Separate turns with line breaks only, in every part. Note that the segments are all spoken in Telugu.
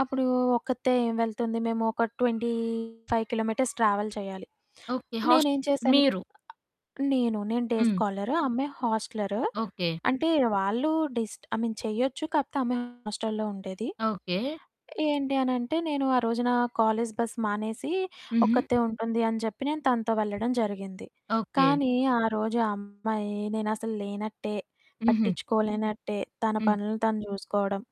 అప్పుడూ ఒక్కతే ఏం వెళ్తుంది, మేమొక 25 కిలోమీటర్స్ ట్రావెల్ చెయ్యాలి.
ఓకే. హస్ట్
నేనేం చేశాను
మీరు
నేను. నేను డే
హ్మ్.
స్కాలర్, ఆ అమ్మాయి హాస్టలర్.
ఓకే.
అంటే, వాళ్ళూ డిస్ట్ ఐ మీన్ చెయచ్చు, కాపోతే ఆమె హాస్టల్‌లో ఉండేది.
ఓకే.
ఏంటి అనంటే, నేను ఆ రోజునా కాలేజు బస్సు మానేసీ,
హుహు.
ఒక్కరతే ఉంటుంది అని చెప్పి, నేను తనతో వెళ్ళడం జరిగింది,
ఓకే.
కానీ ఆ రోజు ఆ అమ్మాయి నేనసలు లేనట్టే,
హుహు.
పట్టిచ్చుకోలేనట్టే, తన
హ్మ్.
పనులును తను జూసుకోడం,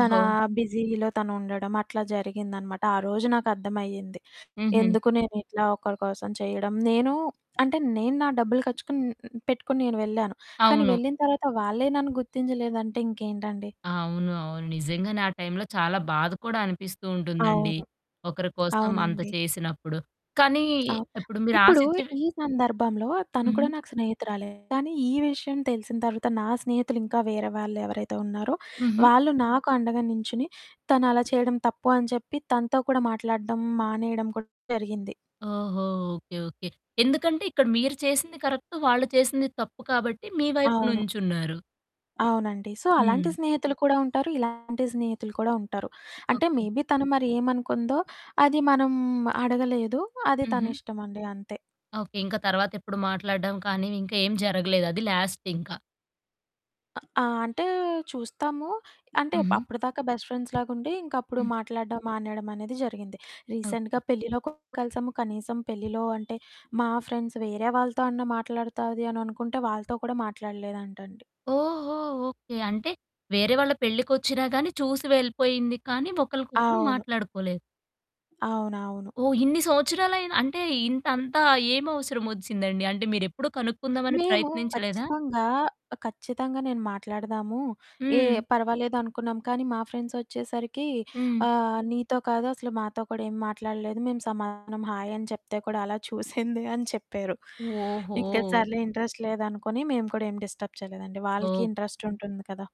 తనా బిజీలో తనుండడం, అట్లా జరిగిందనమాట. ఆ రోజు నాకర్థమయ్యింది,
హుహు.
ఎందుకు నేనిట్లా ఒకరి కోసం చెయ్యడం, నేనూ అంటే నేను నా డబ్బులు ఖచ్చుకన్ హ్మ్, పెట్టుకొని నేను వెళ్ళాను, కానీ
అవును.
వెళ్ళిన తర్వాత వాళ్ళే నన్ను గుర్తించలేదంటే ఇంకేంటండి?
అవును. అవును. నిజంగానే ఆ టైంలో చాలా బాధ కూడా అనిపిస్తూ ఉంటుందండి.
అవును.
ఒకరి కోసం అంత
అవునండి.
చేసినప్పుడు, కానీ
అవు
ఇప్పుడు
ఇప్పుడూ
మీరాశిచ్చే
ఈ సందర్భంలో తను కూడా
హుహు.
నాకు స్నేహితురాలే కానీ ఈ విషయం తెలిసిన తర్వాత నా స్నేహితులింకా వేరే వాళ్ళెవరైతే ఉన్నారో,
హుహు.
వాళ్ళు నాకు అండగా నించుని, తను అలా చెయ్యడం తప్పు అని చెప్పి తనతో కూడా మాట్లాడడం మానేయడం కూడా జరిగింది
ఓహో! ఓకే. ఓకే. ఎందుకంటే, ఇక్కడ మీరు చేసింది కరక్ట్, వాళ్ళు చేసింది తప్పు కాబట్టి, మీ వైపు
అవును.
నుంచున్నారు.
అవునండి. సో, అలాంటి
హ్మ్.
స్నేహితులు కూడా ఉంటారు, ఇలాంటి స్నేహితులు కూడా ఉంటారు. అంటే,
ఓకే.
మేబీ తను మరి ఏమనుకుందో, అది మనం అడగలేదు, అది
హుహు.
తనిష్టమండి, అంతే.
ఓకే. ఇంకా తర్వాతెప్పుడు మాట్లాడడం కానీ, ఇంక ఏం జరగలేదు, అది లాస్టింక.
ఆ! ఆహ్, అంటే, చూస్తాము. అంటే, ప్
హుహు.
అప్పడిదాకా బెస్ట్ ఫ్రెండ్స్‌లాగుండీ ఇంకప్పుడు
హ్మ్.
మాట్లాడడం మానేయడమనేది జరిగింది. రీసెంట్‌గా
ఓకే.
పెళ్ళిలో కూడా కలిసాము. కనీసం పెళ్ళిలో అంటే, మా ఫ్రెండ్స్ వేరే వాళ్ళతో అన్నా మాట్లాడతాది అననుకుంటే వాళ్ళతో కూడా మాట్లాడలేదంటండి
ఓహో! ఓకే. అంటే, వేరే వాళ్ళ పెళ్ళికొచ్చినా గానీ చూసి వెళ్ళిపోయింది, కానీ ఒకళ్ళకొకళ్ళు
అవును.
మాట్లాడుకోలేదు.
అవునవును.
ఓహ్! ఇన్ని సంవత్సరాలయినా అంటే, ఇంతంతా ఏమవసరమొచ్చిందండి? అంటే, మీరెప్పుడూ కనుక్కుందామని
మేము
ప్రయత్నించలేదా?
ఖచ్చితంగా ఆహ్, ఖచ్చితంగా నేను మాట్లాడదాము, ఏహ్!
హ్మ్.
పర్వాలేదు అనుకున్నాం, కానీ మా ఫ్రెండ్సొచ్చేసరికీ
హ్మ్.
ఆహ్, "నీతో కాదు, అసలు మాతో కూడా ఏం మాట్లాడలేదు. మేము సమాధానం హాయని చెప్తే కూడా అలా చూసింది" అని చెప్పారు. ఇంక
ఓహో!
సర్లే, ఇంట్రెస్ట్ లేదనుకొని మేము కూడా ఏం డిస్టర్బ్ చెయలేదండి. వాళ్ళకీ
ఓహ్!
ఇంట్రెస్ట్ ఉంటుంది కదా!